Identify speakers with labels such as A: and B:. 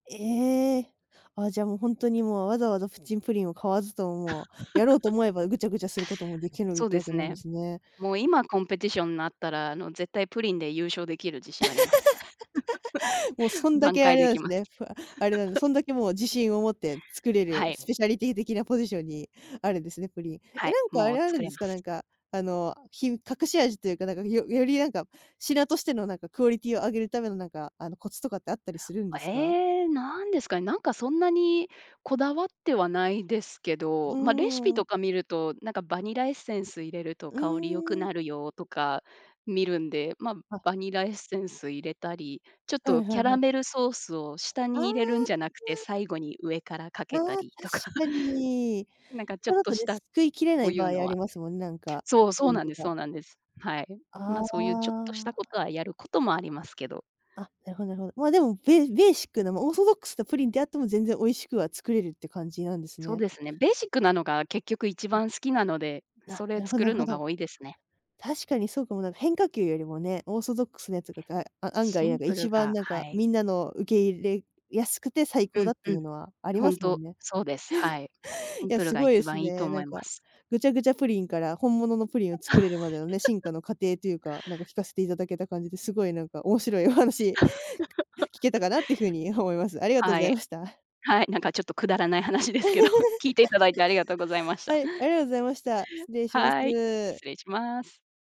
A: ええ。ああ、じゃあ、もう本当に、もうわざわざプッチンプリンを買わずとも、やろうと 思えば、ぐちゃぐちゃすることも出来るっ
B: そう
A: て
B: で
A: わけ
B: す
A: なんで
B: ね。
A: すね。
B: もう今コンペティションになったら、あの、絶対プリンで優勝出来る自信あります。
A: もうそ んだ
B: 挽
A: け、あ
B: 回
A: れ
B: 出
A: なん
B: 来
A: す
B: ます。
A: ね。あれなんで、そんだけもう、自信を持って作れ
B: は
A: る
B: い。
A: スペシャリティー的なポジションにあるんですね、プリン。え
B: は
A: え、
B: い、
A: なんか、あ
B: もう
A: れ、ある
B: 作
A: ん
B: れ
A: で
B: ま
A: すか？
B: す。
A: なんか、あの、ひ隠し味と言うか、なんか、よより、なんか、品としての、なんか、クオリティーを上げる為の、なんか、あの、コツとかってあったりするんですか？
B: ええ、何ですかね。なんかそんなに、こだわってはないですけ
A: う
B: ど、まあ、レシピ
A: ーん。
B: とか見ると、なんかバニラエッセンス入れると
A: う
B: 香り良
A: ー
B: く
A: ん。
B: なるよ、とか、見るんで、まあ、
A: はい。
B: バニラエッセンス入れたり、ちょっ
A: はい
B: と
A: は
B: キ
A: い
B: ャ
A: は
B: ラ
A: い。
B: メルソースを下
A: ああ、あ
B: に入れるんじゃなくて、
A: あ。
B: 最後に上からか
A: あ
B: け
A: あ、
B: た
A: 確
B: りとか。
A: かに。
B: なんかち
A: そ
B: ょっ
A: れだ
B: と
A: と
B: し
A: ね、
B: た、
A: 救いきれな
B: そ
A: い
B: う
A: 場
B: 言う
A: 合
B: の
A: あ
B: は
A: りますもんね、なんか、
B: そう、そ
A: な
B: う
A: ん
B: なん
A: と
B: ですそ
A: か。
B: うなんです。はい。ま
A: あ
B: あ、そう言うちょっとした
A: あ。
B: 事はやる事もありますけど。
A: あ、なるほどなるほど。まあ、でも、べベーシックな、まあ、オーソドックスなプリンであっても、全然美味しくは作れるって感じなんです
B: そう
A: ね。
B: ですね。ベーシックなのが、結局一
A: あ。
B: 番好きなので、
A: な、
B: それ
A: なるほど
B: 作
A: なる
B: る
A: ほ
B: のが
A: ど。
B: 多いですね。
A: 確かにそうかも、変化球よりもね、オーソドックスなやつが、が、案
B: シ
A: 外なん
B: ン
A: か
B: プル
A: 一番
B: が、
A: なん
B: は
A: か
B: い。
A: 皆の受け入れやすくて、最
B: う
A: 高だ
B: ん、
A: って
B: う
A: い
B: ん。
A: うのはありま
B: 本
A: すも
B: 当
A: んね。
B: そうです。はい。シ
A: い
B: ン
A: や
B: プルが
A: 凄いで
B: 一
A: す
B: 番良いと
A: ね、な
B: 思
A: ん
B: いま
A: か、
B: す。
A: ぐちゃぐちゃプリンから本物のプリンを作れるまでのね、進化 の過程というか、なんか聞かせて頂けた感じで、凄いなんか面白いお話 聞けたかなって言う風に思います。ありがとうご
B: は
A: ざい
B: い。
A: ました。
B: はい、なんかちょっと、くだらない話ですけど、聞いて頂いてありがとうございま し
A: は
B: た。
A: い、ありがとうございました。失礼しま
B: はい、
A: す。
B: 失礼します。